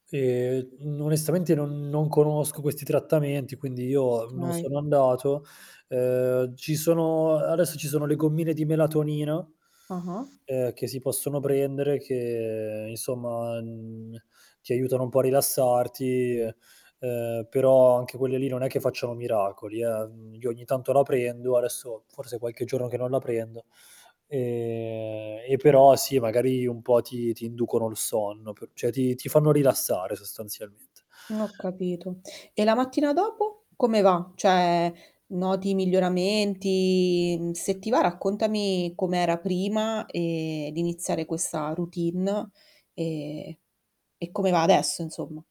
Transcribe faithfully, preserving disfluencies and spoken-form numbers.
E n onestamente non non conosco questi trattamenti, quindi io non kay. sono andato. Ehm, ci sono adesso ci sono le gommine di melatonina Ah-ah. ehm, che si possono prendere, che insomma, mhmm, ti aiutano un po' a rilassarti e ehm, però anche quelle lì non è che facciano miracoli, eh, io ogni tanto la prendo adesso forse qualche giorno che non la prendo, ehm, e però sì magari un po' ti ti inducono il sonno p ceh, ti ti fanno rilassare sostanzialmente. N ho capito. E la mattina dopo come va? Cioè, noti miglioramenti? Se ti va raccontami com'era prima, ehm, di iniziare questa routine, e e come va adesso insomma.